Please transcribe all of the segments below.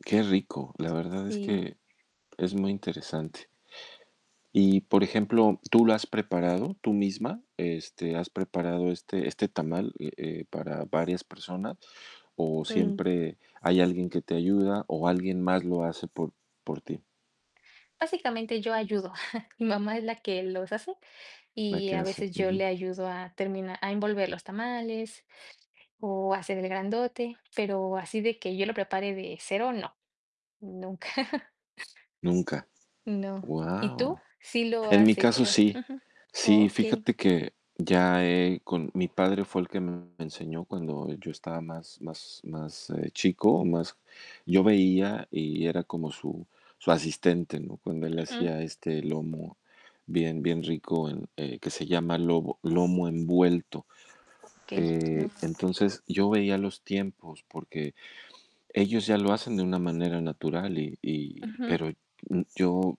Qué rico, la verdad es Sí. que es muy interesante. Y por ejemplo, ¿tú lo has preparado, tú misma, este, has preparado este este tamal, eh eh, para varias personas o, Mm. siempre hay alguien que te ayuda o, alguien más lo hace por por ti? Básicamente, yo ayudo, mi mamá es la que los hace La y, que a hace, veces, yo ujú. le ayudo a termina a envolver los tamales o, hacer el grandote, pero así de que yo lo prepare de 0 no, nunca. Nunca. No. ¿Y tú?, Guau. sí lo En mi has caso, hecho, sí. ujú, Sí, okey. fíjate que ya he con mi padre fue el que me enseñó cuando yo estaba más más más, eh, chico o, más yo veía y era como su su asistente, ¿no?, cuando él Ujú. hacía, este, lomo bien bien rico en eh, que se llama lobo lomo envuelto, Okey, eh, lomo envuelto. entonces, yo veía los tiempos porque, ellos ya lo hacen de una manera natural y y Ujú. pero, mm, yo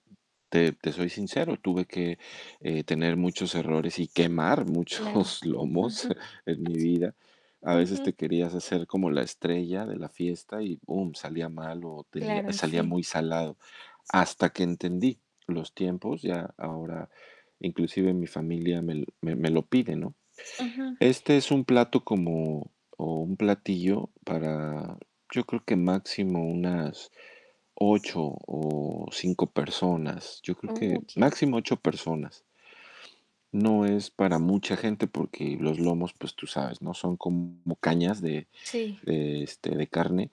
te te soy sincero, tuve que, eh, tener muchos errores y quemar Claro, muchos lomos ujú. en mi vida. A veces, te Ujú. querías hacer como la estrella de la fiesta y, bum, salía mal o tenía Claro, salía sí. muy salado. Hasta que entendí los tiempos, ya ahora, inclusive, mi familia me l me me lo pide, ¿no? Ujú. Este es un plato como o un platillo para, yo creo que máximo unas 8 o 5 personas, yo creo Oh que Okey. máximo 8 personas. No es para mucha gente porque los lomos, pues, tú sabes, ¿no?, son como cañas de Sí. de, este, de carne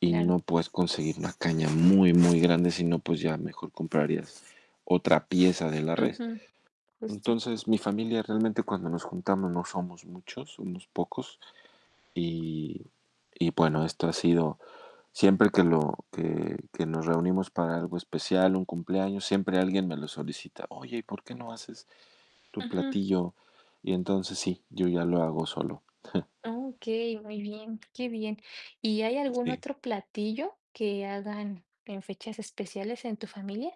y, no Claro. puedes conseguir una caña muy muy grande, sino, pues, ya mejor comprarías otra pieza de la res. Ujú, justo. Entonces, mi familia, realmente cuando nos juntamos, no somos muchos, unos pocos y y, bueno, esto ha sido siempre que lo que que nos reunimos para algo especial, un cumpleaños, siempre alguien me lo solicita: "Oye, ¿y por qué no haces tu Ujú. platillo?". Y entonces, sí, yo ya lo hago solo. Okey, muy bien, qué bien. ¿Y hay algún Sí. otro platillo que hagan en fechas especiales en tu familia?